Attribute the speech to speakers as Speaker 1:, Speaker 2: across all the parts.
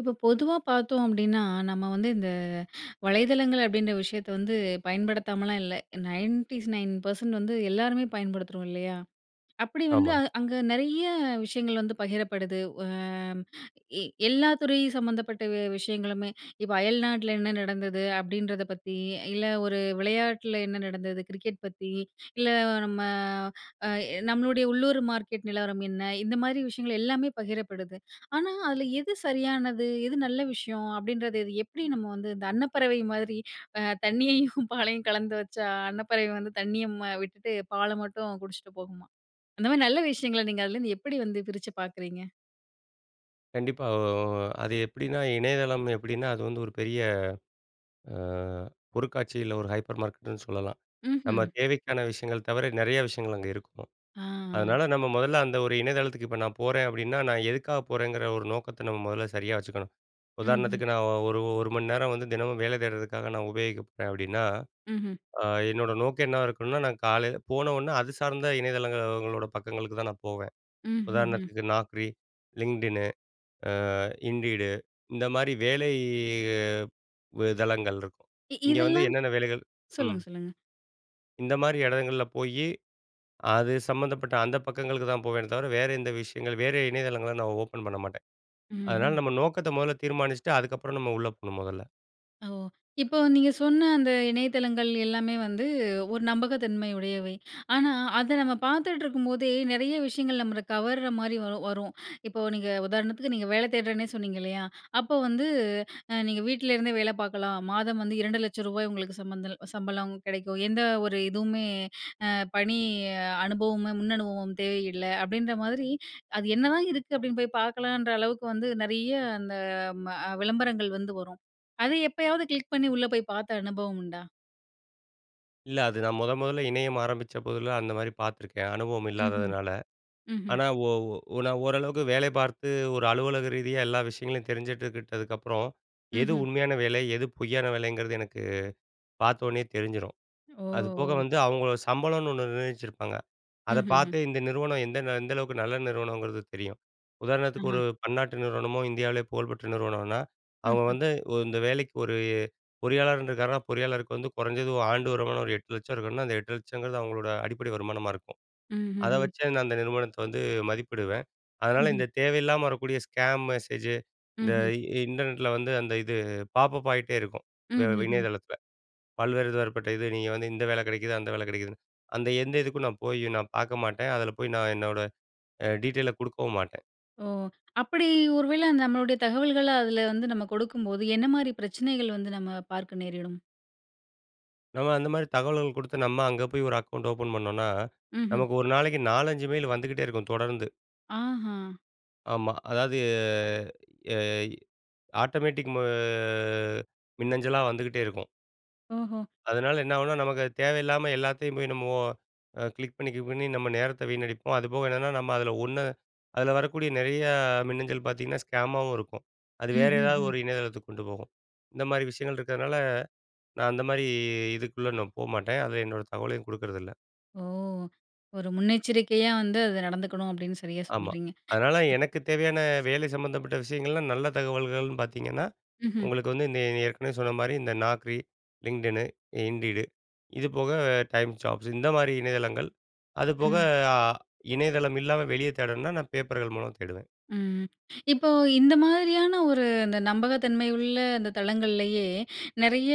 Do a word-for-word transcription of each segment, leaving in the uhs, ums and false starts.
Speaker 1: இப்ப பொதுவா பார்த்தோம் அப்படின்னா, நம்ம வந்து இந்த அ வலைதளங்கள் அப்படின்ற விஷயத்தை வந்து பயன்படுத்தாமலாம் இல்ல நைன்டிஸ் நைன் பர்சண்ட் வந்து எல்லாருமே பயன்படுத்துகிறோம் இல்லையா, அப்படி வந்து
Speaker 2: ஆமா.
Speaker 1: அங்க நிறைய விஷயங்கள் வந்து பகிரப்படுது. அ எ எல்லா துறை சம்பந்தப்பட்ட வி விஷயங்களுமே இப்போ அயல்நாட்டில என்ன நடந்தது அப்படின்றத பத்தி, இல்ல ஒரு விளையாட்டில என்ன நடந்தது. கிரிக்கெட் பத்தி, இல்ல நம்ம அ நம்மளுடைய உள்ளூர் மார்க்கெட் நிலவரம் என்ன இந்த மாரி விஷயங்கள் எல்லாமே பகிரப்படுது. ஆனா அதில எது சரியானது? எது நல்ல விஷயம். அப்படின்றது இது எப்படி நம்ம வந்து, இந்த அன்னப்பறவை மாதிரி தண்ணியையும் பாலையும் கலந்து வச்சா அன்னப்பறவை வந்து தண்ணியை ம்ட் விட்டுட்டு பாலை மட்டும் குடிச்சிட்டு போகுமாம். அந்த மாதிரி நல்ல விஷயங்களை நீங்க அதிலேருந்து எப்படி வந்து பிரிச்சு பார்க்குறீங்க?
Speaker 2: கண்டிப்பா, ஒ அது எப்படின்னா, இணையதளம் எப்படின்னா அது வந்து ஒரு பெரிய அ பொருட்காட்சி இல்லை ஒரு ஹைப்பர் மார்க்கெட்டுன்னு சொல்லலாம். நம்ம
Speaker 1: ம்ஹ்ம்
Speaker 2: தேவைக்கான விஷயங்கள் தவிர நிறைய விஷயங்கள் அங்க இருக்கும்.
Speaker 1: ஆ.
Speaker 2: அதனால நம்ம முதல்ல அந்த ஒரு இணையதளத்துக்கு இப்ப நான் போறேன் அப்படின்னா, நான் எதுக்காக போறேங்கிற ஒரு நோக்கத்தை நம்ம முதல்ல சரியா வச்சுக்கணும்.
Speaker 1: ம்ஹ்ம்.
Speaker 2: உதாரணத்துக்கு நான் ஒரு ஒரு மணி நேரம் வந்து தினமும் வேலை தேடுறதுக்காக நான் உபயோகிக்க போறேன் அப்படின்னா,
Speaker 1: ம்ஹ்ம்.
Speaker 2: அ என்னோட நோக்கம் என்ன இருக்கணும்னா, நான் காலையில போனவுடன அது சார்ந்த இணையதளங்களோட பக்கங்களுக்கு தான் நான் போவேன்.
Speaker 1: ம்ஹ்ஹ்ம்.
Speaker 2: உதாரணத்துக்கு Naukri, LinkedInனு, Indeed இந்த மாதிரி வேலை வ தளங்கள் இருக்கும்,
Speaker 1: இ
Speaker 2: இங்க வந்து
Speaker 1: இதெல்லாம்
Speaker 2: என்னென்ன வேலைகள் ம்.
Speaker 1: சொல்லுங்க சொல்லுங்க.
Speaker 2: இந்தமாரி எடங்கள்ல போயி, அது சம்மந்தப்பட்ட அந்த பக்கங்களுக்கு தான் போவேனே தவிர, வேற எந்த விஷயங்கள், வேற இணையதளங்கள நான் ஓப்பன் பண்ண மாட்டேன். அதனால
Speaker 1: ம்ஹ்ம்.
Speaker 2: நம்ம நோக்கத்த முதல தீர்மானிச்சிட்டு அதுக்கப்பறம் நம்ம உள்ள போணும் முதல்ல.
Speaker 1: ஓ! இப்போ நீங்க சொன்ன அந்த இணையதளங்கள் எல்லாமே வந்து ஒரு நம்பகத்தன்மை உடையவை. ஆனா, அத நம்ம பார்த்துட்டிருக்கும்போதே நெறைய விஷயங்கள் நம்மள கவர்றமாரி வ வரும். இப்ப நீங்க உதாரணத்துக்கு நீங்க வேலை தேடுறேன்னே சொன்னீங்க இல்லயா! அப்போ வந்து அ நீங்க வீட்ல இருந்தே வேலை பார்க்கலாம். மாதம் வந்து இரண்டு லட்ச ரூபாய் உங்களுக்கு சம்மந்தல் சம்பளம் கெடைக்கும். எந்த ஒரு இதுவுமே அ பணி அனுபவமும், முன்னனுபவமும் தேவையில்ல, அப்பிடின்ற மாதிரி அது என்னதான் இருக்கு அப்பிடின்னு போய் பார்க்கலன்ற அளவுக்கு வந்து நெறைய அந்த ம விளம்பரங்கள் வந்து வரும். அது எப்பயாவது கிளிக் பண்ணி உள்ளே போய் பார்த்த அனுபவம் உண்டா?
Speaker 2: இல்ல. அது நான் முதன் முதல்ல இணையம் ஆரம்பிச்ச போதில அந்தமாரி பார்த்துருக்கேன். அனுபவம்
Speaker 1: ம்ஹ்ம்,
Speaker 2: இல்லாததுனால.
Speaker 1: ம்ஹ்ம்.
Speaker 2: ஆனா, ஒ ஒ நான் ஓரளவுக்கு வேலை பார்த்து ஒரு அலுவலக ரீதியா எல்லா விஷயங்களையும் தெரிஞ்சிட்டுக்கிட்டதுக்கப்புறம், எது
Speaker 1: ம்ஹ்ம்.
Speaker 2: உண்மையான வேலை, எது பொய்யான வேலைங்கிறது எனக்கு பார்த்த உடனேயே தெரிஞ்சிரும்.
Speaker 1: ஓ!
Speaker 2: அதுபோக
Speaker 1: ஓ!
Speaker 2: வந்து அவுங்க சம்பளம்னு ஒன்னு நிர்ணயிச்சிருப்பாங்க. அத
Speaker 1: ம்ஹ்ஹ்ம்.
Speaker 2: பார்த்து இந்த நிறுவனம் எந்த எந்தளவுக்கு நல்ல நிறுவனம்ங்கிறது தெரியும். உதாரணத்துக்கு ஒரு
Speaker 1: ஆஹா!
Speaker 2: பன்னாட்டு நிறுவனமோ இந்தியாலயே புகழ்பெற்ற நிறுவனனா, அவுங்க
Speaker 1: ம்ஹ்ம்.
Speaker 2: வந்து உ இந்த வேலைக்கு ஒரு பொறியாளர்ன்னு இருக்காருன்னா, பொறியாளருக்கு வந்து கொறஞ்சது ஆண்டு வருமானம் ஒரு எட்டு லட்சம் இருக்கணுன்னா, அந்த எட்டு லட்சங்கிறது அவுங்களோட அடிப்படை வருமானமா இருக்கும். அத
Speaker 1: ம்ஹ்ஹ்ம்.
Speaker 2: வச்சு நான் அந்த நிறுவனத்த வந்து மதிப்பிடுவேன். அதனால
Speaker 1: ம்ஹ்ம்.
Speaker 2: இந்த தேவையில்லாம வரக்கக்கூடிய ஸ்கேம் மெசேஜ் இந்த
Speaker 1: ம்ஹ்ம்.
Speaker 2: இன்டர்நெட் ல வந்து அந்த இது பாப்பப் ஆகிட்டே இருக்கும். வே
Speaker 1: ம்ஹ்ஹ்ம்.
Speaker 2: இணையதளத்தில. பல்வேறு தரப்பட்ட இது நீங்க வந்து இந்த வேலை கெடைக்குது, அந்த வேலை கெடைக்குதுன்னு. அந்த எந்த இதுக்கும் நான் போய் நான் பார்க்க மாட்டேன். அதில போய் நான் என்னோட அ டீடெயில் அ குடுக்கவும் மாட்டேன்.
Speaker 1: ஓ! அப்படி ஒருவேளை நம்மளுடைய தகவல்கள்ல அதுல வந்து நம்ம குடுக்கும்போது என்ன மாரி பிரச்சனைகள் வந்து நம்ம பார்க்க நேரிடும்?
Speaker 2: நம்ம அந்த மாரி தகவல்கள் குடுத்து நம்ம அங்க போய் ஒரு அக்கவுண்ட் ஓப்பன் பண்ணோம்ன்னா,
Speaker 1: ம்ஹ்ம்.
Speaker 2: நமக்கு ஒரு நாளைக்கு நாலஞ்சு மெயில் வந்துகிட்டே இருக்கும் தொடர்ந்து.
Speaker 1: ஆஹா.
Speaker 2: ஆமா. அதாவது, யய் ஆட்டோமேட்டிக் மொ மின்னஞ்சலா வந்துகிட்டே இருக்கும்.
Speaker 1: ஓஹோ!
Speaker 2: அதனால என்ன ஆகும்ன்னா, நமக்கு அது தேவையில்லாம எல்லாத்தையும் போய் நம்மோ அ கிளிக் பண்ணி, கிளிக் பண்ணி நம்ம நேரத்தை வீணடிப்போம். அதுபோக என்னன்னா, நம்ம அதுல ஒண்ணு, அதுல வரக்கூடிய நெறைய மின்னஞ்சல் பாத்தீங்கன்னா, ஸ்கேமாவும் இருக்கும். அது வேறு ஏதாவது
Speaker 1: ம்ஹ்ஹும்.
Speaker 2: ஒரு இணையதளத்துக்கு கொண்டு போகும். இந்த மாரி விஷயங்கள் இருக்கிறனால, நான் அந்த மாரி இதுக்குள்ள நான் போகமாட்டேன். அதுல என்னோட தகவலையும் குடுக்குறதில்ல.
Speaker 1: ஓ! ஒரு முன்னெச்சரிக்கையா வந்து அத நடந்துக்கணும். அப்படீன்னு சரியா
Speaker 2: ஆமா.
Speaker 1: சொல்கிறீங்க.
Speaker 2: அதனால எனக்கு தேவையான வேலை சம்மந்தப்பட்ட விஷயங்கள்லாம் நல்ல தகவல்கள்ன்னு பாத்தீங்கன்னா,
Speaker 1: ம்ஹ்ம்.
Speaker 2: உங்களுக்கு வந்து இந்த ஏற்கனவே சொன்ன மாரி இந்த Naukri, LinkedInனு, Indeed, இது போக TimesJobs இந்த மாரி இணையதளங்கள். அது போக
Speaker 1: ம்.
Speaker 2: அ இணையதளம் இல்லாம வெளிய தேடணும்ன்னா நான் பேப்பர்கள் மூலம் தேடுவேன்.
Speaker 1: ம். இப்போ, இந்த மாதிரியான ஒரு இந்த நம்பகத்தன்மை உள்ள அந்த தளங்கள்லேயே நெறைய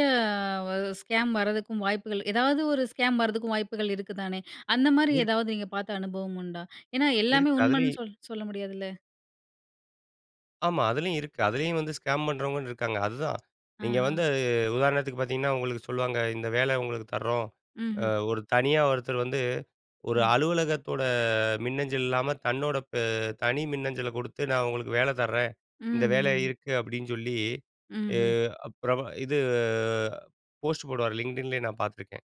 Speaker 1: வ ஸ்கேம் வரதுக்கும் வாய்ப்புகள், ஏதாவது ஒரு ஸ்கேம் வரதுக்கும் வாய்ப்புகள் இருக்குதானே. அந்த மாரி
Speaker 2: இருக்கு.
Speaker 1: ஏதாவது நீங்க பார்த்த அனுபவம் உண்டா? ஏன்னா, எல்லாமே
Speaker 2: இருக்கு. அதுல
Speaker 1: உண்மைன்னு
Speaker 2: இ
Speaker 1: சொல் சொல்ல முடியாதுல்ல.
Speaker 2: ஆமா. அதிலேயும் இருக்கு. அதுலேயும் வந்து ஸ்கேம் பண்றவங்க இருக்காங்க. அதுதான் நீங்க
Speaker 1: ஆஹ.
Speaker 2: வந்து அது உதாரணத்துக்கு பார்த்தீங்கன்னா, உங்களுக்கு சொல்லுவாங்க இந்த வேலை உங்களுக்கு தர்றோம். அ
Speaker 1: ம்ஹ்ம்.
Speaker 2: ஒரு தனியா ஒருத்தர் வந்து ஒரு
Speaker 1: ம்.
Speaker 2: அலுவலகத்தோட மின்னஞ்சல் இல்லாமல் தன்னோட பெ தனி மின்னஞ்சலை குடுத்து, நான் உங்களுக்கு வேலை தர்றேன். இந்த வேலை
Speaker 1: ம்ஹ்ஹ்ம்.
Speaker 2: இருக்கு அப்டின்னு சொல்லி, எ
Speaker 1: ம்ஹ்ம்.
Speaker 2: அப் பிரெப இது போஸ்ட் போடுவார் LinkedInலயே நான் பார்த்துருக்கேன்.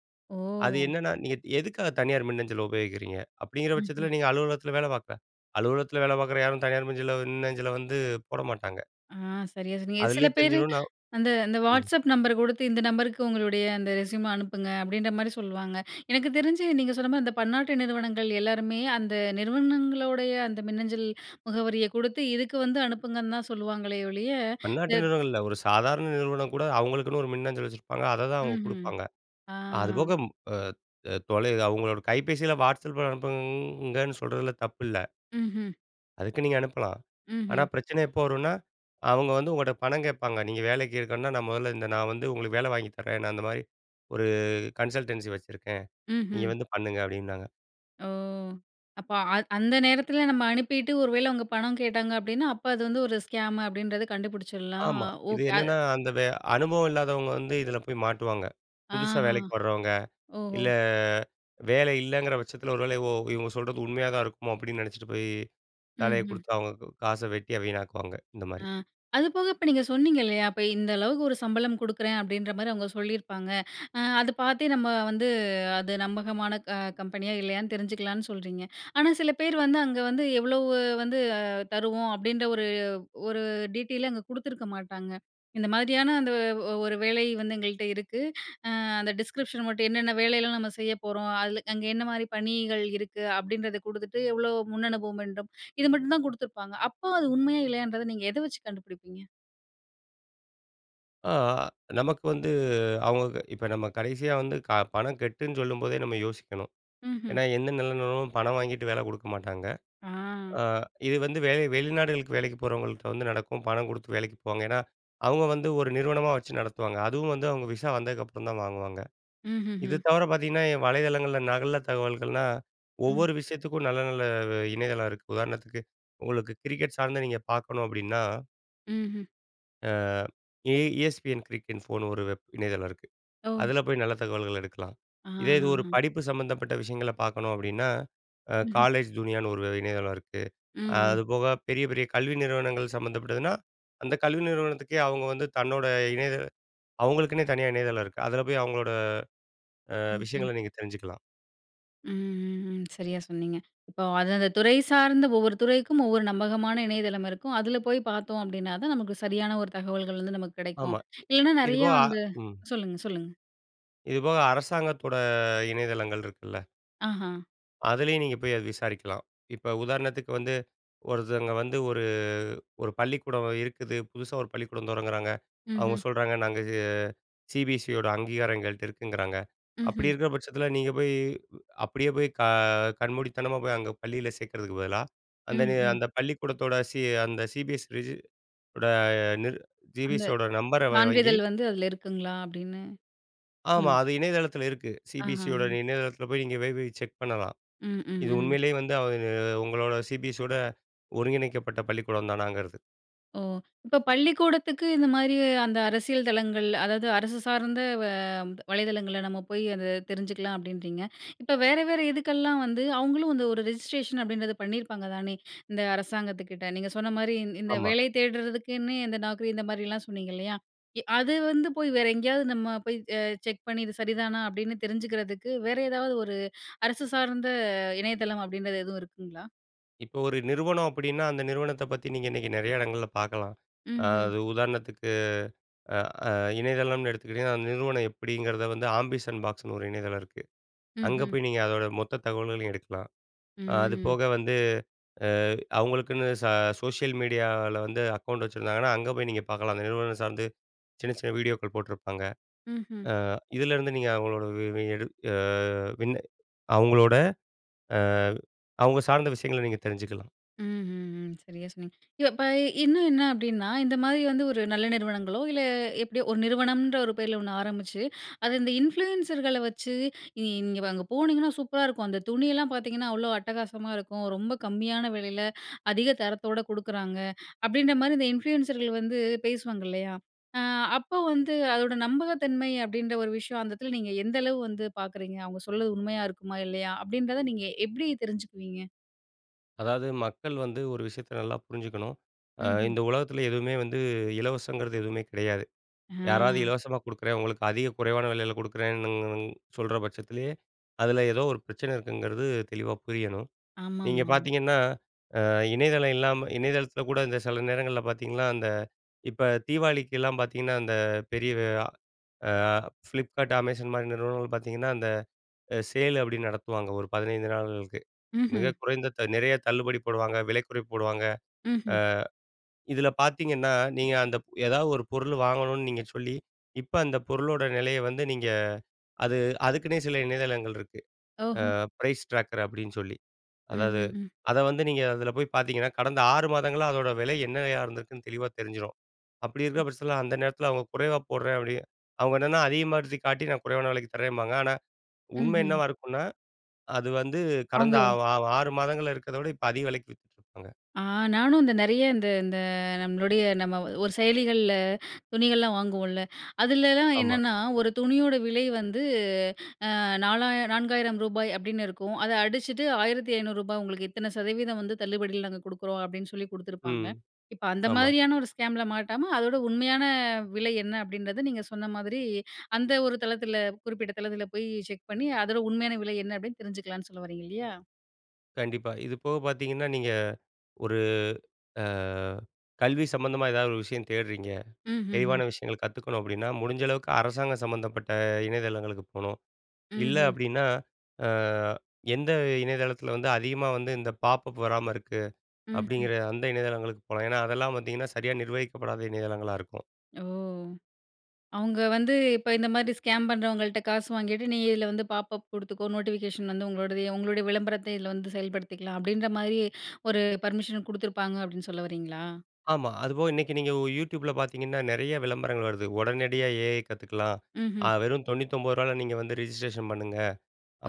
Speaker 2: அது
Speaker 1: ஓ!
Speaker 2: என்னன்னா நீ நீங்க எதுக்காக தனியார் மின்னஞ்சலை உபயோகிக்கிறீங்க? அப்படிங்கிற பட்சத்தில
Speaker 1: ம்ஹ்ம்.
Speaker 2: நீங்க அலுவலகத்தில வேலை பார்க்குற, அலுவலகத்தில் வேலை பார்க்குற யாரும் தனியார் மஞ்சல மின்னஞ்சலை வந்து போட மாட்டாங்க.
Speaker 1: ஆ சரியா சொன்னீங்க. சில
Speaker 2: அதிலேயே
Speaker 1: பேரு
Speaker 2: தெரிஞ்சிரும். ந
Speaker 1: அந்த அந்த
Speaker 2: ம்.
Speaker 1: Whatsapp நம்பர் குடுத்து, இந்த நம்பருக்கு உங்களுடைய அந்த ரெஸ்யூம் அனுப்புங்க அப்படின்ற மாதிரி சொல்லுவாங்க. எனக்கு தெரிஞ்சு நீங்க சொன்ன மாரி அந்த பன்னாட்டு நிறுவனங்கள் எல்லாருமே அந்த நிறுவனங்களோடைய அந்த மின்னஞ்சல் முகவரிய குடுத்து இதுக்கு வந்து அனுப்புங்கன்னு தான் சொல்லுவாங்களே ஒழிய இந்த
Speaker 2: பன்னாட்டு நிறுவனங்கள் இல்ல. ஒரு சாதாரண நிறுவனம் கூட அவுங்களுக்குன்னு ஒரு மின்னஞ்சல் வச்சிருப்பாங்க. அததான் அவுங்க
Speaker 1: ம்ஹம்.
Speaker 2: குடுப்பாங்க
Speaker 1: ஆ.
Speaker 2: அதுபோக அ. ம் அ தொலை அவங்களோட கைபேசியில Whatsappல அனுப்புங்கன்னு சொல்றதுல தப்பில்ல.
Speaker 1: ம்ஹம்.
Speaker 2: அதுக்கு நீங்க அனுப்பலாம். ஆனா
Speaker 1: ம்ஹ்ம்.
Speaker 2: பிரச்சனை எப்போ வரும்னா, அவுங்க வந்து உங்கட்ட பணம் கேட்பாங்க. நீங்க வேலைக்கு இருக்கணும்ன்னா நான் மொதல்ல இந்த நான் வந்து உங்களுக்கு வேலை வாங்கித் தர்றேன், நான் இந்த மாதிரி ஒரு கன்சல்டன்சி வச்சுருக்கேன், நீங்க
Speaker 1: ம்ஹம்.
Speaker 2: வந்து பண்ணுங்க அப்டின்னாங்க.
Speaker 1: ஓ! அப்போ, அந் அந்த நேரத்தில நம்ம அனுப்பிட்டு ஒரு வேளை அவங்க பணம் கேட்டாங்க அப்படின்னா, அப்போ அது வந்து ஒரு ஸ்கேம் அப்படின்றத கண்டுபிடிச்சிடலாம்.
Speaker 2: ஆமா.
Speaker 1: ஓ!
Speaker 2: இது
Speaker 1: அது
Speaker 2: என்னென்னா அந்த வ அனுபவம் இல்லாதவங்க வந்து இதில போய் மாட்டுவாங்க. புதுசா
Speaker 1: ஆஹா.
Speaker 2: வேலைக்கு வர்றவுங்க
Speaker 1: ஓஹோ!
Speaker 2: இல்ல, வேலை இல்லைங்கிற பட்சத்தில ஒரு வேளை ஓ! இவங்க சொல்றது உண்மையா தான் இருக்குமோ அப்டின்னு நினைச்சிட்டு போய் வேலையை
Speaker 1: ம்ஹம்.
Speaker 2: கொடுத்து அவங்க காசை வெட்டி வீணாக்குவாங்க, இந்த மாரி.
Speaker 1: ஆ. அது போக இப்ப நீங்க சொன்னீங்க இல்லையா, அப்ப இந்த அளவுக்கு ஒரு சம்பளம் கொடுக்குறேன் அப்படின்ற மாதிரி அவங்க சொல்லியிருப்பாங்க. அ அது பார்த்தே நம்ம வந்து அது நம்பகமான அ கம்பெனியா இல்லையான்னு தெரிஞ்சுக்கலான்னு சொல்றீங்க. ஆனா சில பேர் வந்து அங்க வந்து எவ்வளோ வந்து தருவோம் அப்படின்ற ஒரு, ஒரு டிடெய்லே அங்க குடுத்துருக்க மாட்டாங்க. இந்த மாதிரியான அந்த ஒரு வேலை வந்து எங்கள்ட்ட இருக்கு. அ அந்த டிஸ்க்ரிப்ஷன் மட்டும் என்னென்ன வேலைலாம் நம்ம செய்ய போறோம். அதில அங்க என்ன மாதிரி பணிகள் இருக்கு அப்படின்றத கொடுத்துட்டு எவ்ளோ முன்னனுபவம் வேண்டும் இது மட்டும் தான் குடுத்துருப்பாங்க. அப்போ அது உண்மையா இல்லையன்றத நீங்க எதை வச்சு கண்டுபுடிப்பீங்க?
Speaker 2: ஆ நமக்கு வந்து அவங்க இப்போ நம்ம கடைசியா வந்து க பணம் கட்டுன்னு சொல்லும்போதே நம்ம யோசிக்கணும்.
Speaker 1: ம்ஹ்ம்.
Speaker 2: ஏன்னா, எந்த நிறுவனமும் பணம் வாங்கிட்டு வேலை குடுக்க மாட்டாங்க.
Speaker 1: ஆ.
Speaker 2: ஆ. இது வந்து வேலை வெளிநாடுகளுக்கு வேலைக்கு போகிறவங்கள்கிட்ட வந்து நடக்கும். பணம் கொடுத்து வேலைக்கு போவாங்க. ஏன்னா, அவங்க வந்து ஒரு நிறுவனமா வச்சு நடத்துவாங்க. அதுவும் வந்து அவங்க விசா வந்ததுக்கப்புறம் தான் வாங்குவாங்க. இது
Speaker 1: ம்ஹ்ஹ்ம்.
Speaker 2: தவர பாத்தீங்கன்னா வலைதளங்கள்ல நகல தகவல்கள்லாம்
Speaker 1: ம்.
Speaker 2: ஒவ்வொரு விஷயத்துக்கும் நல்ல நல்ல இணையதளம் இருக்கு. உதாரணத்துக்கு உங்களுக்கு கிரிக்கெட் சார்ந்த நீங்க பார்க்கணும் அப்படின்னா
Speaker 1: ம்ஹ்ம்.
Speaker 2: அ ESPNcricinfoனு ஒரு வெப் இணையதளம் இருக்கு.
Speaker 1: ஓ!
Speaker 2: அதுல போய் நல்ல தகவல்கள் எடுக்கலாம். இதே இது ஒரு
Speaker 1: அஹாஹாஹ்ம்.
Speaker 2: படிப்பு சம்மந்தப்பட்ட விஷயங்களை பார்க்கணும் அப்படீன்னா, அ
Speaker 1: ம்ஹ்ம்.
Speaker 2: college Juniorன்னு ஒரு இணையதளம் இருக்கு.
Speaker 1: ம்ஹ்ம்.
Speaker 2: அதுபோக பெரிய, பெரிய கல்வி நிறுவனங்கள் சம்மந்தப்பட்டதுன்னா, அந்த கல்வி நிறுவனத்துக்கே அவங்க வந்து தன்னோட இணைய அவங்களுக்குன்னே தனியா இணையதளம் இருக்கு. அதுல போய் அவங்களோட அ
Speaker 1: ம்ஹ்ம்.
Speaker 2: விஷயங்களை நீங்க தெரிஞ்சுக்கலாம்.
Speaker 1: ம்ஹ்ஹ்ம். சரியா சொன்னீங்க. இப்போ அது அந்த துறை சார்ந்த ஒவ்வொரு துறைக்கும், ஒவ்வொரு நம்பகமான இணையதளம் இருக்கும். அதுல போய் பாத்தோம் அப்படீன்னா தான், நமக்கு சரியான ஒரு தகவல்கள் வந்து நமக்கு கெடைக்கும்.
Speaker 2: ஆமா.
Speaker 1: இல்லைன்னா,
Speaker 2: இது
Speaker 1: நெறைய
Speaker 2: போக
Speaker 1: வந்து
Speaker 2: ம்.
Speaker 1: சொல்லுங்க, சொல்லுங்க.
Speaker 2: இதுபோக அரசாங்கத்தோட இணையதளங்கள் இருக்குல்ல!
Speaker 1: ஆஹா.
Speaker 2: அதிலேயும் நீங்க போய் அதை விசாரிக்கலாம். இப்ப உதாரணத்துக்கு வந்து, ஒருத்தவங்க வந்து ஒரு ஒரு பள்ளிக்கூடம் இருக்குது. புதுசா ஒரு பள்ளிக்கூடம் தொடங்குறாங்க. அவங்க
Speaker 1: ம்ஹ்ம்.
Speaker 2: சொல்றாங்க நாங்க இது CBSEயோட அங்கீகாரம் எங்கள்ட்ட இருக்குங்கறாங்க. அப்படி
Speaker 1: ம்ஹ்ம்.
Speaker 2: இருக்கிற பட்சத்தில, நீங்க போய் அப்படியே போய் க கண்மூடித்தனமா போய் அங்க பள்ளியில சேர்க்கிறதுக்கு பதிலா, அந்த
Speaker 1: ம்.
Speaker 2: இது
Speaker 1: ம்.
Speaker 2: அந்த பள்ளிக்கூடத்தோட சி அந்த CBSE ரிஜி ஓட நிர்
Speaker 1: அந்த
Speaker 2: CBSE ஓட நம்பரை வா வாங்கி
Speaker 1: சான்றிதழ் வந்து அதுல இருக்குங்களா? அப்படீன்னு
Speaker 2: ஆமா.
Speaker 1: ம்.
Speaker 2: அது இணையதளத்தில இருக்கு.
Speaker 1: ஆஹா.
Speaker 2: CBSEயோட இணையதளத்தில போய் நீங்க போய், போய் செக் பண்ணலாம்.
Speaker 1: ம். ம்.
Speaker 2: இது
Speaker 1: ம்.
Speaker 2: உண்மையிலே வந்து இது உங்களோட CBSEயோட ஒருங்கிணைக்கப்பட்ட பள்ளிக்கூடம் தானாங்கிறது.
Speaker 1: ஓ! இப்ப பள்ளிக்கூடத்துக்கு இந்தமாரி அந்த அரசியல் தளங்கள், அதாவது அரசு சார்ந்த வ வலைதளங்கள்ல நம்ம போய் அத தெரிஞ்சுக்கலாம் அப்பிடின்றீங்க. இப்போ வேற வேற இதுக்கெல்லாம் வந்து, அவுங்களும் வந்து ஒரு ரெஜிஸ்ட்ரேஷன் அப்பிடின்றது பண்ணியிருப்பாங்க தானே! இந்த அரசாங்கத்துக்கிட்ட. நீங்க சொன்னமாரி இந் இந்த
Speaker 2: ஆமா.
Speaker 1: வேலை தேடுறதுக்குன்னு இந்த Naukri இந்தமாரிலாம் சொன்னீங்க இல்லையா? எ அது வந்து போய் வேற எங்கேயாவது நம்ம போய் அ செக் பண்ணி இது சரிதானா? அப்பிடின்னு தெரிஞ்சுக்கிறதுக்கு வேற ஏதாவது ஒரு அரசு சார்ந்த இணையதளம் அப்பிடின்றது எதுவும் இருக்குங்களா?
Speaker 2: இப்போ ஒரு நிறுவனம் அப்பிடின்னா, அந்த நிறுவனத்த பத்தி நீங்க இன்னக்கி நிறையா இடங்கள்ல பார்க்கலாம். அ
Speaker 1: ம்ஹ்ம்.
Speaker 2: அது உதாரணத்துக்கு, அ, அ இணையதளம்னு எடுத்துக்கிட்டீங்கன்னா, அந்த நிறுவனம் எப்பிடிங்கிறத வந்து ஆம்பிஷன் பாக்ஸ்னு ஒரு இணையதளம் இருக்கு. அங்கே
Speaker 1: ம்ஹ்ம்.
Speaker 2: போய் நீங்க அதோட மொத்த தகவல்களையும் எடுக்கலாம். அது
Speaker 1: ம்.
Speaker 2: போக வந்து, அ, அவுங்களுக்குன்னு ச சோஷியல் மீடியால வந்து அக்கவுண்ட் வச்சிருந்தாங்கன்னா, அங்க போய் நீங்க பார்க்கலாம். அந்த நிறுவனம் சார்ந்து சின்ன சின்ன வீடியோக்கள் போட்டிருப்பாங்க.
Speaker 1: ம்ஹ்ம்.
Speaker 2: அ இதுலேருந்து நீங்க அவுங்களோட வி [unintelligible] வின் அவுங்களோட அ அவங்க சார்ந்த விஷயங்கள நீங்க தெரிஞ்சுக்கலாம்.
Speaker 1: ம்ஹ்ஹ்ம். சரியாக சொன்னீங்க. இப்போ ப இன்னும் என்ன அப்பிடின்னா, இந்தமாரி வந்து ஒரு நல்ல நிறுவனங்களோ இல்ல எப்படியோ ஒரு நிறுவனம்ன்ற ஒரு பேர்ல ஒண்ணு ஆரம்பிச்சு, அது இந்த இன்ஃப்ளூயன்சர்கள வச்சு, நீங்க அங்க போனீங்கன்னா சூப்பரா இருக்கும். அந்த துணியெல்லாம் பார்த்தீங்கன்னா அவ்ளோ அட்டகாசமா இருக்கும். ரொம்ப கம்மியான விலையில அதிக தரத்தோட குடுக்குறாங்க. அப்பிடின்ற மாரி இந்த இன்ஃப்ளூயன்சர்கள் வந்து பேசுவாங்க இல்லையா? ஆ, அப்போ வந்து அதோட நம்பகத்தன்மை அப்பிடின்ற ஒரு விஷயம் அந்த இடத்தில நீங்க எந்த அளவு வந்து பார்க்குறீங்க, அவுங்க சொல்றது உண்மையா இருக்குமா? இல்லையா? அப்பிடின்றத நீங்க எப்பிடி தெரிஞ்சுக்குவீங்க?
Speaker 2: அதாவது மக்கள் வந்து ஒரு விஷயத்த நல்லா புரிஞ்சுக்கணும். அ
Speaker 1: ம்ஹ்ம்.
Speaker 2: இந்த உலகத்தில எதுவுமே வந்து இலவசங்கிறது எதுவுமே கெடையாது. யாராவது
Speaker 1: அ.
Speaker 2: இலவசமா குடுக்குறேன் உங்களுக்கு அதிக குறைவான விலையில கொடுக்குறேன்னு சொல்ற பட்சத்திலேயே, அதில ஏதோ ஒரு பிரச்சனை இருக்குங்கிறது தெளிவா புரியணும்.
Speaker 1: ஆமா,
Speaker 2: நீங்க
Speaker 1: ஆமா, ஆமா.
Speaker 2: பார்த்தீங்கன்னா அ இணையதளம் இல்லாம இணையதளத்தில கூட இந்த சில நேரங்கள்ல பார்த்தீங்கன்னா, அந்த இப்ப தீபாவளிக்கெல்லாம் பார்த்தீங்கன்னா அந்த பெரிய, அ Flipkart, Amazon மாரி நிறுவனங்கள் பார்த்தீங்கன்னா, அந்த அ சேல் அப்பிடின்னு நடத்துவாங்க ஒரு பதினைந்து நாள்களுக்கு.
Speaker 1: ம்ஹ்ம்.
Speaker 2: மிக குறைந்த த நெறைய தள்ளுபடி போடுவாங்க. விலைக்குறைப்பு போடுவாங்க. ஆ
Speaker 1: ம்ஹ்ம்.
Speaker 2: இதில பார்த்தீங்கன்னா, நீங்க அந்த எதாவது ஒரு பொருள் வாங்கணுன்னு நீங்க சொல்லி, இப்ப அந்த பொருளோட நெலைய வந்து நீங்க அது அதுக்கின்னே சில இணையதளங்கள் இருக்கு.
Speaker 1: ஓஹோ!
Speaker 2: அ பிரைஸ் ட்ராக்கர் அப்பிடின்னு சொல்லி.
Speaker 1: ம்ஹ்ம்,
Speaker 2: அதாவது
Speaker 1: ம்.
Speaker 2: அத வந்து நீங்க அதில போய் பார்த்தீங்கன்னா, கடந்த ஆறு மாதங்களா அதோட வெலை என்னையா இருந்திருக்குன்னு தெளிவா தெரிஞ்சிரும். அப்படி இருக்கிற பட்சத்துல அந்த நேரத்தில அவுங்க குறைவா போடுறேன் அப்பிடி அவுங்க என்னன்னா, அதிகமா [unintelligible] காட்டி நான் குறைவான வெலைக்கு தரேம்பாங்க. ஆனாஉண்மை
Speaker 1: ம்ஹ்ம்.
Speaker 2: என்னவா இருக்குன்னா, அது வந்து கடந்த
Speaker 1: அவங்க
Speaker 2: வ வ ஆறு மாதங்கள்ல இருக்கிறத விட, இப்ப அதிக வெலைக்கு வித்துட்டுருப்பாங்க.
Speaker 1: ஆ நானும் இந்த நெறைய இந்த, இந்த நம்மளுடைய நம்ம ஒரு செயலிகள்ல, துணிகள்லாம் வாங்குவோன்ல, அதுலலாம்
Speaker 2: ஆமா.
Speaker 1: என்னன்னா ஒரு துணியோட விலை வந்து, ஆ நாலா நான்காயிரம் ரூபாய் அப்பிடின்னு இருக்கும். அத அடிச்சிட்டு ஆயிரத்து ஐநூறு ரூபாய் உங்களுக்கு இத்தன சதவீதம் வந்து தள்ளுபடில நாங்க குடுக்குறோம் அப்பிடின்னு சொல்லி குடுத்துருப்பாங்க.
Speaker 2: ம்.
Speaker 1: இப்ப அந்த
Speaker 2: ஆமா.
Speaker 1: மாதிரியான ஒரு ஸ்கேம் ல மாட்டாம அதோட உண்மையான விலை என்ன அப்பிடின்றத, நீங்க சொன்ன மாதிரி அந்த ஒரு தளத்தில குறிப்பிட்ட தளத்தில போய் செக் பண்ணி, அதோட உண்மையான விலை என்ன அப்பிடின்னு தெரிஞ்சுக்கலான்னு சொல்ல வரீங்க இல்லயா!
Speaker 2: கண்டிப்பா. இது போக பார்த்தீங்கன்னா நீங்க, ஒரு அ கல்வி சம்பந்தமா எதாவது ஒரு விஷயம் தேடுறீங்க.
Speaker 1: ம், ம், ம்.
Speaker 2: தெளிவான விஷயங்கள் கத்துக்கணும் அப்பிடின்னா, முடிஞ்ச அளவுக்கு அரசாங்கம் சம்மந்தப்பட்ட இணையதளங்களுக்கு போணும். இல்ல
Speaker 1: ம்ஹ்ம்.
Speaker 2: அப்பிடின்னா, அ எந்த இணையதளத்தில வந்து அதிகமா வந்து இந்த பாப்பப் வராம இருக்கு,
Speaker 1: ம், ம்.
Speaker 2: அப்பிடிங்கிற அந்த இணையதளங்களுக்கு போலாம். ஏன்னா, அதெல்லாம் பார்த்தீங்கன்னா சரியா நிர்வகிக்கப்படாத இணையதளங்களா இருக்கும்.
Speaker 1: ஓ! அவுங்க வந்து இப்ப இந்தமாரி ஸ்கேம் பண்ணுறவங்கள்ட்ட காசு வாங்கிட்டு, நீங்க இதில வந்து பாப்பப் குடுத்துக்கோ, நோட்டிஃபிகேஷன் வந்து உங்களோடது, உங்களுடைய விளம்பரத்த இதில வந்து செயல்படுத்திக்கலாம். அப்பிடின்றமாரி ஒரு பர்மிஷன் கொடுத்துருப்பாங்க, அப்பிடின்னு சொல்ல வரீங்களா?
Speaker 2: ஆமா. அதுபோக இன்னக்கி நீங்க YouTube ல பார்த்தீங்கன்னா, நிறைய விளம்பரங்கள் வருது. உடனடியாக AI கததுக்கலாம். அ
Speaker 1: ம்ஹ்ம்.
Speaker 2: வெறும் தொன்னுத்தி ஒன்பது ரூபாய் ல நீங்க வந்து ரிஜிஸ்ட்ரேஷன் பண்ணுங்க.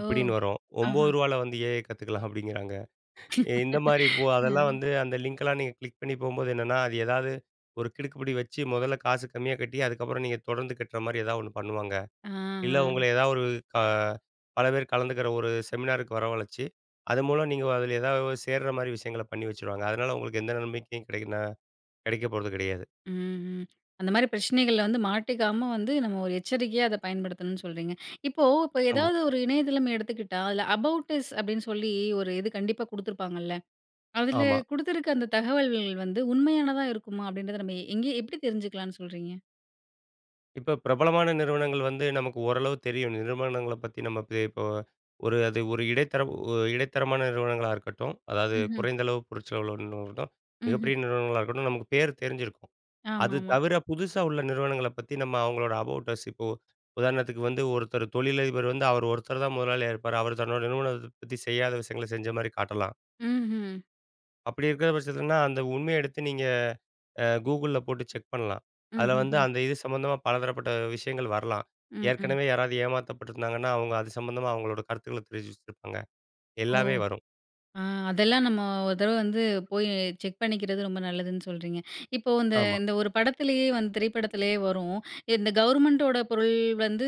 Speaker 1: ஓ!
Speaker 2: வரும்.
Speaker 1: ஆஹா!
Speaker 2: ஒன்பது ரூபாய் ல வந்து AI கத்துக்கலாம் அப்பிடிங்கிறாங்க. இ இந்தமாரி இப்போ
Speaker 1: ஆ.
Speaker 2: அதெல்லாம் வந்து அந்த லிங்க் எல்லாம் நீங்க கிளிக் பண்ணி போம்போது என்னன்னா, அது ஏதாவது ஒரு கிடுக்குப்பிடி வச்சு முதல்ல காசு கம்மியா கட்டி, அதுக்கப்பறம் நீங்க தொடர்ந்து கட்றமாரி ஏதாவது ஒன்னு பண்ணுவாங்க. இல்ல
Speaker 1: ஆஹ.
Speaker 2: உங்கள ஏதாவது ஒரு க பல பேர் கலந்துக்கிற ஒரு செமினாருக்கு வரவழச்சி அது மூலம் நீங்க அதில ஏதாவது சேர்றமாரி விஷயங்கள பண்ணி வச்சிருவாங்க. அதனால உங்களுக்கு எந்த நம்பிக்கைக்கும் கிடைக்கனா கிடைக்கப் போறது கிடையாது.
Speaker 1: ம்ஹ்ம். அந்தமாரி பிரச்சனைகள்ல வந்து மாட்டிக்காம வந்து நம்ம ஒரு எச்சரிக்கையா அத பயன்படுத்தணும்னு சொல்றீங்க. இப்போ, இப்ப
Speaker 2: ஆமா.
Speaker 1: எதாவது ஒரு இணையதளம் எடுத்துக்கிட்டா, அதில அபௌட் அஸ் அப்பிடின்னு சொல்லி ஒரு இது கண்டிப்பா குடுத்துருப்பாங்கல்ல. அதில
Speaker 2: ஆமா.
Speaker 1: குடுத்துருக்க அந்த தகவல்கள் வந்து உண்மையானதா இருக்குமா? அப்பிடின்றத நம்ம எங்கே எப்பிடி தெரிஞ்சுக்கலான்னு சொல்றீங்க?
Speaker 2: இப்ப பிரபலமான நிறுவனங்கள் வந்து நமக்கு ஓரளவு தெரியும். நிறுவனங்கள பத்தி நம்ம இப்பயே இப்போ ஒரு அது ஒரு இடைத்தர ஒ இடைத்தரமான நிறுவனங்களா இருக்கட்டும். அதாவது
Speaker 1: ம்ஹ்ம்.
Speaker 2: குறைந்த அளவு பொருட்செலவில உள்ள நிறுவடம்.
Speaker 1: ம்ஹ்ம்.
Speaker 2: மிகப்பெரிய நிறுவனங்களா இருக்கட்டும், நமக்கு பேரு தெரிஞ்சிருக்கும். அது
Speaker 1: ஆமாமாம்.
Speaker 2: தவிர, புதுசா உள்ள நிறுவனங்கள பத்தி, நம்ம அவங்களோட அபௌட் அஸ், இப்போ உதாரணத்துக்கு வந்து, ஒருத்தரு தொழிலதிபரு வந்து, அவர் ஒருத்தரு தான் முதலாளியா இருப்பாரு. அவரு தன்னோட நிறுவனத்த பத்தி, செய்யாத விஷயங்கள, செஞ்ச மாரி காட்டலாம்.
Speaker 1: ம்ஹ்ம்.
Speaker 2: அப்படி இருக்கிற பட்சத்துலன்னா, அந்த உண்மையை எடுத்து, நீங்க அ Googleல போட்டு செக் பண்ணலாம். அதுல வந்து,
Speaker 1: ம்ஹ்ஹ்ம்.
Speaker 2: அந்த இது சம்மந்தமா பலதரப்பட்ட விஷயங்கள் வரலாம்.
Speaker 1: ம். ம்.
Speaker 2: ஏற்கனவே யாராவது ஏமாத்தப்பட்டிருந்தாங்கன்னா, அவங்க அது சம்மந்தமா, அவங்களோட கருத்துக்கள தெரிவிச்சுச்சிருப்பாங்க.
Speaker 1: ஓ!
Speaker 2: எல்லாமே வரும்.
Speaker 1: அ அதெல்லாம் நம்ம ஒரு தடவை வந்து போய் செக் பண்ணிக்கிறது, ரொம்ப நல்லதுன்னு சொல்றீங்க. இப்போ அந்த
Speaker 2: ஆமா.
Speaker 1: அந்த ஒரு படத்திலேயே வந்து திரைப்படத்திலேயே வரும். இந்த கவர்மெண்டோட பொருள் வந்து,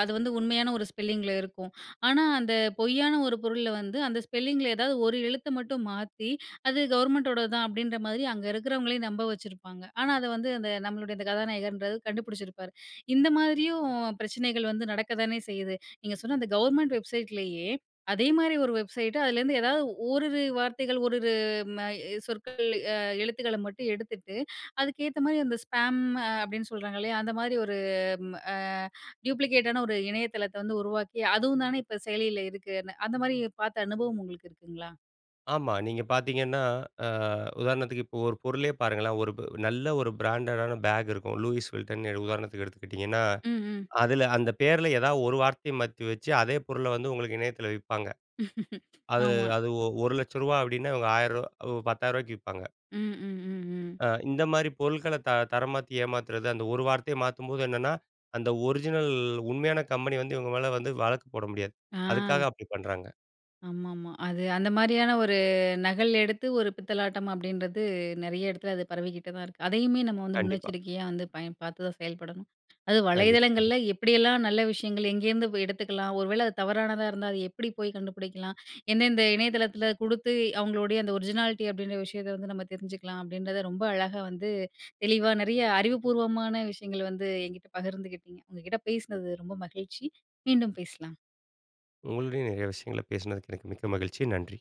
Speaker 1: அது வந்து உண்மையான ஒரு ஸ்பெல்லிங்கில இருக்கும். ஆனா, அந்த பொய்யான ஒரு பொருள்ல வந்து, அந்த ஸ்பெல்லிங்கில ஏதாவது ஒரு எழுத்தை மட்டும் மாத்தி, அது கவர்மெண்ட்டோடது தான். அப்படீன்ற மாதிரி அங்க இருக்கிறவங்களையும் நம்ப வச்சிருப்பாங்க. ஆனா, அதை வந்து அந்த நம்மளுடைய இந்த கதாநாயகர்ன்றது கண்டுபுடிச்சிருப்பாரு. இந்த மாதிரியும் பிரச்சனைகள் வந்து நடக்கத்தானே செய்யுது. நீங்க சொன்ன அந்த கவர்மெண்ட் வெப்சைட்லேயே, அதே மாரி ஒரு வெப்சைட்டு. அதுலேருந்து ஏதாவது ஓரிரு வார்த்தைகள், ஓரிரு ம சொற்கள், அ எழுத்துக்கள மட்டும் எடுத்துட்டு, அதுக்கு ஏத்த மாதிரி அந்த ஸ்பேம் அப்படீன்னு சொல்றாங்கல்லையா, அந்த மாரி ஒரு ம் அ டூயூப்ளிகேட்டான ஒரு இணையதளத்தை வந்து உருவாக்கி, அதுவும் தான இப்ப செயலியில இருக்குன்னு, அந்த மாரி பார்த்த அனுபவம் உங்களுக்கு இருக்குங்களா?
Speaker 2: ஆமா. நீங்க பார்த்தீங்கன்னா, ஆ உதாரணத்துக்கு இப்போ ஒரு பொருளே பாருங்களேன்! ஒரு ப் நல்ல ஒரு பிராண்டட் ஆன பேக் இருக்கும். "லூயிஸ் வில்டன்" உதாரணத்துக்கு எடுத்துக்கிட்டிங்கன்னா,
Speaker 1: ம், ம்.
Speaker 2: அதில அந்த பேருல ஏதாவது ஒரு வார்த்தைய மாத்தி வச்சு அதே பொருள வந்து உங்களுக்கு இணையத்துல விப்பாங்க. அது,
Speaker 1: ஆமா.
Speaker 2: அது ஒரு லட்சரூபா அப்பிடின்னா இவுங்க ஆயிரரூபா உ பத்தாயிரரூபாய்க்கு விப்பாங்க.
Speaker 1: ம், ம், ம், ம்.
Speaker 2: ஆ இந்தமாரி பொருட்கள த தரமாத்தி ஏமாத்துறது அந்த ஒரு வார்த்தைய மாத்தும்போது என்னன்னா, அந்த ஒரிஜினல் உண்மையான கம்பெனி வந்து இவங்க மேல வந்து வழக்கு போட முடியாது.
Speaker 1: ஆ.
Speaker 2: அதுக்காக அப்பிடி பண்றாங்க.
Speaker 1: ஆமா, ஆமா. அது அந்த மாரியான ஒரு நகல் எடுத்து ஒரு பித்தலாட்டம் அப்பிடின்றது நெறைய இடத்துல அது பரவிக்கிட்டு தான் இருக்கு. அதையுமே நம்ம வந்து
Speaker 2: கண்டிப்பா.
Speaker 1: முன்னெச்சரிக்கையா வந்து பயன் பார்த்து தான் செயல்படணும். அது
Speaker 2: கண்டிப்பா.
Speaker 1: வலைதளங்கள்ல எப்படியெல்லாம் நல்ல விஷயங்கள் எங்கேருந்து எடுத்துக்கலாம், ஒரு வேள அது தவறானதா இருந்தா அது எப்பிடி போய் கண்டுபிடிக்கலாம், எந்தெந்த இணையதளத்துல குடுத்து அவுங்களுடைய அந்த ஒரிஜினாலிட்டி அப்பிடின்ற விஷயத்த வந்து நம்ம தெரிஞ்சுக்கலாம், அப்பிடின்றத ரொம்ப அழகா வந்து தெளிவா நெறைய அறிவுபூர்வமான விஷயங்கள் வந்து என்கிட்ட பகிர்ந்துக்கிட்டீங்க. உங்க கிட்ட பேசுனது ரொம்ப மகிழ்ச்சி. மீண்டும் பேசலாம்.
Speaker 2: உங்களோட நெறைய விஷயங்கள பேசுனதுக்கு எனக்கு மிக்க மகிழ்ச்சி. நன்றி.